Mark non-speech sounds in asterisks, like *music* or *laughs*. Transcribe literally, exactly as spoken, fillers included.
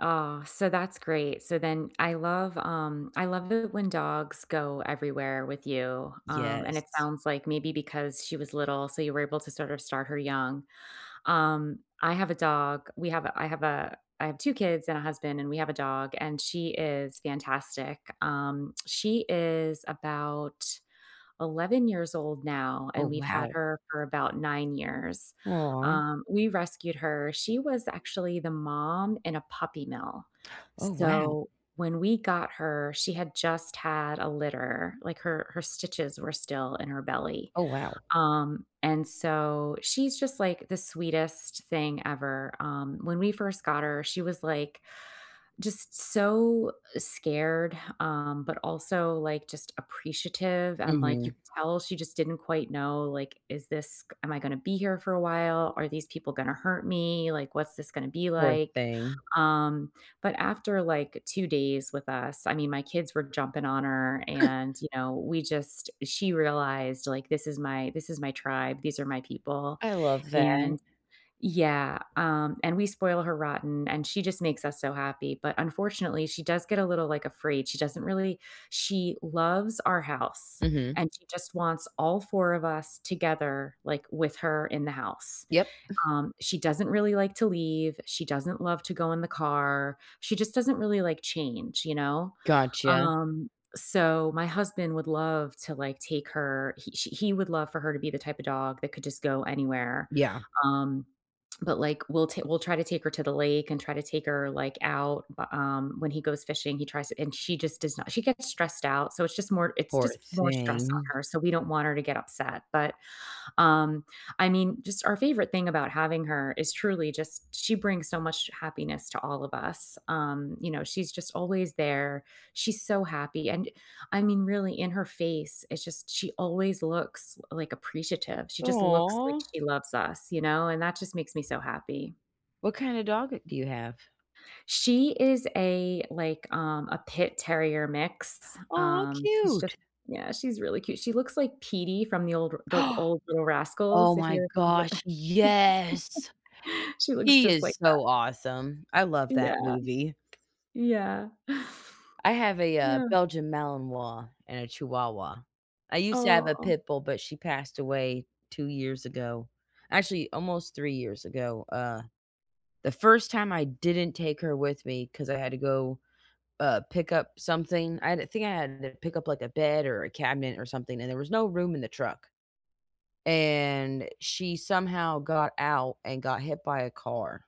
Aw, so that's great. So then, I love, um, I love it when dogs go everywhere with you, um, and it Yes. sounds like maybe because she was little, so you were able to sorta start her young. Um, I have a dog, we have a I have a I have two kids and a husband and we have a dog and she is fantastic. Um, she is about eleven years old now Oh, and we've had wow. her for about nine years. Aw. Um, we rescued her. She was actually the mom in a puppy mill. Oh, wow. So, when we got her, she had just had a litter, like her her stitches were still in her belly. Oh, wow. Um, and so, she's just like the sweetest thing ever. Um, when we first got her, she was like just so, uh, scared, um, but also like just appreciative and like you Mhm. could tell she just didn't quite know like, "Is this k am I going to be here for a while? Are these people gonna hurt me? Like, what's this going to be Poor like?" thing. Um, but after like two days with us- I mean, my kids were jumping on her *chuckles* and, you know, we just she realized, like, "This is my this is my tribe. These are my people," I love that. and Yeah, um, and we spoil her rotten; and she just makes us so happy. But unfortunately, she does get a little, like, afraid. She doesn't really she loves our house Mhm. and she just wants all four of us together, like, with her in the house. Yep. *chuckles* Um, she doesn't really like to leave, she doesn't love to go in the car. She just doesn't really like change, you know? Gotcha. Um, so my husband would love to, like, take her he she he would love for her to be the type of dog that could just go anywhere. Yeah. Um, but, like, we'll t we'll try to take her to the lake and try to take her, like, out, bu um, when he goes fishing, he tries to and she just does not she gets stressed out, so it's just more it's Poor just more stress thing. on her, so we don't want her to get upset, but, um, I mean, just our favorite thing about having her is truly just she brings so much happiness to all of us. Um, you know, she's just always there. She's so happy and I mean, really, in her face, it's just she always looks, l like, appreciative. She just looks like Aw. she loves us, you know, and that just makes me so happy. What kind of dog do you have? She is a, like, um, a pit-terrier mix. Aw, Um, she's just cute. Yeah, she's really cute. She looks like Petey from the old the *gasps* old Little Oh Rascals, if my you remember gosh, that yes. *laughs* She looks He just is like so that. awesome. I love that Yeah. movie. Yeah. I have a, uh, Yeah. Belgian Malinois and a Chihuahua. I used to have a Aw. pit bull, but she passed away two years ago, actually, almost three years ago, uh. The first time I didn't take her with me 'cause I had to go, uh, pick up something I had to I think I had to pick up, like, a bed or a cabinet or something, and there was no room in the truck, and she somehow got out and got hit by a car.